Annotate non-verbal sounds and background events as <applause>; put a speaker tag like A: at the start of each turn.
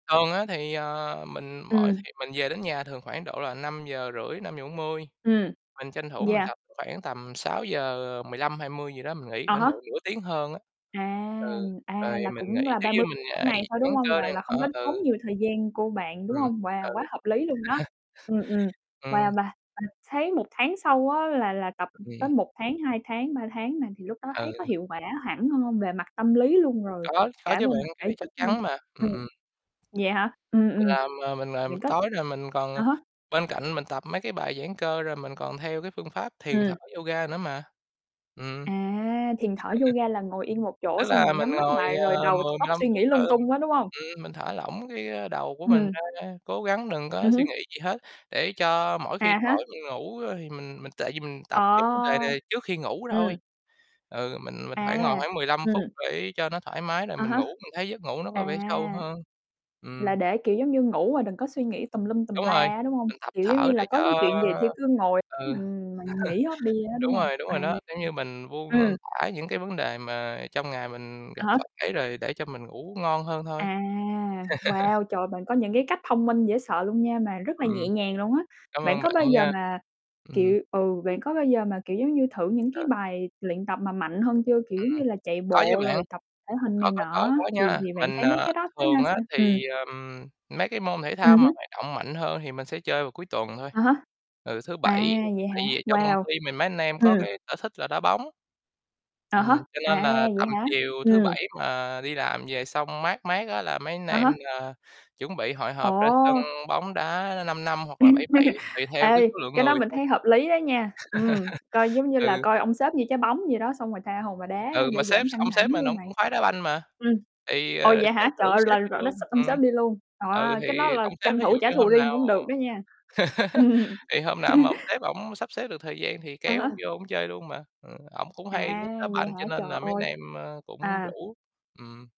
A: Thường á thì, ờ, mình mỗi
B: Ừm.
A: thì mình về đến nhà thường khoảng độ là 5:30, 5:40,
B: Ừm,
A: mình tranh thủ mình
B: yeah.
A: tập khoảng tầm 6:00, ờ, 15, 20 gì đó mình nghỉ,
B: À
A: khoảng độ
B: há.
A: nửa tiếng hơn á.
B: À,
A: Ừ, rồi
B: à,
A: thì
B: là
A: mình
B: cũng
A: nghỉ
B: là
A: nếu
B: ba
A: như
B: mươi
A: mình
B: mỗi
A: ngài
B: ngày thôi, đúng
A: giãn
B: hông?
A: cơ
B: Là là
A: đây <unintelligible>
B: không có
A: đó
B: tốn
A: ừ.
B: nhiều thời gian của bạn, đúng
A: Ừm,
B: không? Wow! Quá
A: ừ.
B: hợp lý luôn đó.
A: <laughs>
B: Ừm, ừm, wow, và
A: Ừm.
B: mà thấy 1 tháng sau á, là là tập tới
A: Ừm.
B: 1 tháng, 2 tháng, 3 tháng này thì lúc đó
A: Ừ.
B: thấy có hiệu quả hẳn hơn về mặt tâm lý luôn rồi,
A: Có, có
B: cả
A: chứ
B: về
A: bạn,
B: mặt
A: cái
B: thể
A: này chắc
B: chất luôn.
A: chắn mà, ừm,
B: Ừm.
A: ừm.
B: Vậy hả? Ừm,
A: Mình
B: ừm,
A: làm, ờ, mình làm
B: bạn có
A: tối rồi mình còn, à,
B: à há.
A: bên cạnh mình tập mấy cái bài giãn cơ rồi mình còn theo cái phương pháp thiền thở
B: Ừm.
A: yoga nữa mà. Ừm. <chuckles>
B: À, thiền thở yoga là ngồi yên một chỗ
A: Tức
B: xong
A: là
B: rồi
A: mình
B: nhắm mắt
A: ngồi,
B: lại
A: à,
B: rồi đầu
A: mười, mười
B: tóc
A: lăm
B: suy
A: phút
B: nghĩ lung
A: hơn,
B: tung quá, đúng không?
A: ừm, mình thả lỏng cái, a, đầu của mình
B: Hừm.
A: ra, cố gắng đừng có
B: Ừm
A: suy
B: hứm.
A: nghĩ gì hết, để cho mỗi khi
B: À há.
A: tối đi ngủ, ơ, thì mình mình tại vì mình tập cái vấn đề
B: Ờ.
A: này trước khi ngủ thôi.
B: Ừm.
A: Ừ, mình mình phải ngồi
B: À,
A: khoảng 15 phút
B: ừm.
A: để cho nó thoải mái rồi
B: À
A: mình
B: há.
A: ngủ mình thấy giấc ngủ nó có
B: À,
A: vẻ sâu hơn.
B: là
A: Ừm.
B: để, kiểu, giống như ngủ mà đừng có suy nghĩ tùm lum tùm
A: Đúng
B: la
A: rồi,
B: á, đúng hông?
A: mình tập
B: Kiểu, giống
A: thở
B: như là,
A: để
B: có cái
A: cho
B: chuyện gì thi cứ ngồi
A: ừ,
B: mình mình nghĩ hết đi
A: <chuckles>
B: á, đúng
A: đúng
B: hông?
A: rồi, đúng
B: À,
A: rồi đó, kiểu như, mình buông
B: ừm.
A: lên
B: Ừm.
A: thả những cái vấn đề mà trong ngày mình
B: À
A: gặp
B: hả?
A: phật ấy rồi để cho mình ngủ ngon hơn thôi.
B: À. Wow!
A: <laughs>
B: Trời ơi, bạn có những cái cách thông minh dễ sợ luôn nha mà rất là
A: Ừm.
B: nhẹ nhàng luôn á,
A: Cám
B: bạn
A: ơn
B: có
A: bạn
B: bao giờ
A: nha.
B: mà,
A: Ừm.
B: kiểu ừ, bạn có bao giờ mà, kiểu, giống như thử những
A: Ờ.
B: cái bài luyện tập mà mạnh hơn chưa? Kiểu, giống
A: Ừm,
B: như là, chạy
A: có chứ
B: bộ
A: bạn,
B: rồi tập thể hình này
A: có, có,
B: nọ
A: có,
B: á,
A: có
B: thì
A: nha,
B: thì bạn
A: mình,
B: thấy mấy
A: à,
B: cái đó nó ra
A: thường á
B: sao? Ừm.
A: thì, ờ, ừm, mấy cái môn thể thao
B: Ừm
A: mà
B: hứm.
A: hoạt động mạnh hơn thì mình sẽ chơi vào cuối tuần thôi,
B: À há.
A: ừ, thứ bảy,
B: À, vậy
A: tại
B: hả?
A: vì trong công
B: Wow.
A: ty mình, mấy anh em có
B: Ừ.
A: cái sở thích là đá bóng.
B: À há,
A: Ừm, cho nên
B: à,
A: là
B: vậy
A: tầm
B: hả?
A: chiều thứ
B: Ừm.
A: bảy mà đi làm về xong mát mát á, là mấy anh
B: À
A: em,
B: há.
A: à, chuẩn bị hội họp ra sân
B: Ồ.
A: bóng đá 5-5 hoặc là 7-7
B: <laughs>
A: tùy theo cái
B: Ê,
A: số lượng
B: cái đó
A: người
B: mình
A: thôi.
B: thấy hợp lý đó nha, ừm, coi
A: <laughs>
B: giống như là
A: Ừ.
B: coi ông sếp như trái bóng vậy đó, xong rồi tha hồ mà đá
A: Ừ, mà
B: để
A: sếp
B: giảm căng
A: ông
B: thẳng,
A: sếp
B: đúng
A: mình
B: không
A: ổng
B: bạn?
A: cũng khoái đá banh mà,
B: Ừm,
A: thì,
B: ồ,
A: ờ,
B: vậy hả?
A: sếp
B: Trời
A: rủ
B: ơi,
A: sếp
B: là
A: đi
B: rọi nó s
A: luôn,
B: ông
A: ừm.
B: sếp đi luôn.
A: Ừ,
B: Wow! cái đó
A: thì
B: là
A: ông sếp
B: tranh
A: thí dụ
B: thủ trả
A: như
B: thù
A: hôm
B: riêng
A: nào
B: cũng được đó nha.
A: <laughs>
B: <laughs>
A: thì hôm nào mà ông sếp ổng sắp xếp được thời gian thì
B: À
A: kéo ổng
B: há.
A: vô ổng chơi luôn mà, ừm, ổng cũng hay
B: À,
A: thích đá
B: vậy
A: banh cho
B: hả? Trời
A: nên là mấy
B: ơi.
A: anh em, ơ, cũng
B: À.
A: rủ, ừm.